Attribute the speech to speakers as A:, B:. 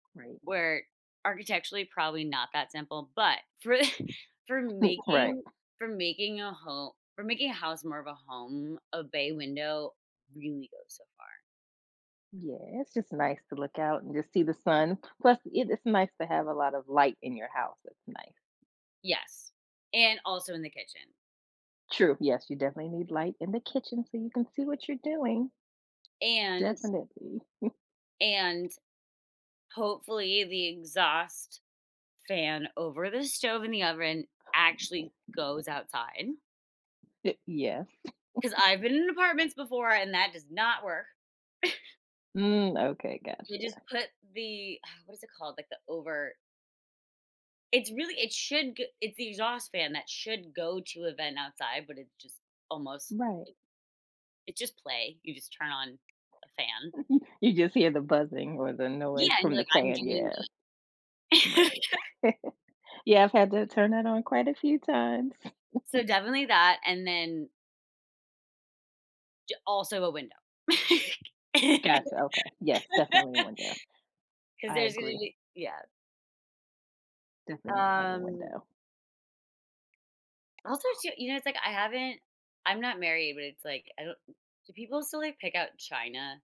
A: Right.
B: Where architecturally, probably not that simple, but for i for
A: Right.
B: making for making a ho for making a house more of a home, a bay window really goes so far.
A: Yeah, it's just nice to look out and just see the sun. Plus, it is nice to have a lot of light in your house, it's nice.
B: Yes, and also in the kitchen.
A: True, yes, you definitely need light in the kitchen so you can see what you're doing.
B: And
A: Definitely.
B: And, hopefully, the exhaust fan over the stove and the oven actually goes outside.
A: Yes.
B: 'Cause I've been in apartments before, and that does not work.
A: Mm, okay,
B: They just
A: gotcha.
B: put the uh, what is it called? Like, the over It's really it should g it's the exhaust fan that should go to a vent outside, but it's just almost
A: Right.
B: it it's just play. You just turn on a fan.
A: You just hear the buzzing or the noise
B: Yeah, and
A: from
B: you're
A: the
B: like, "I'm
A: fan,
B: doing
A: yeah.
B: good."
A: Right. Yeah, I've had to turn that on quite a few times.
B: So, definitely that and then j also a window.
A: Gotcha, okay. Yes, definitely a window.
B: 'Cause
A: I
B: there's gonna
A: agree.
B: be Yeah.
A: Definitely need to have a
B: Um
A: window.
B: Also, too you know, it's like I haven't I'm not married, but it's, like, I don't do people still, like, pick out china?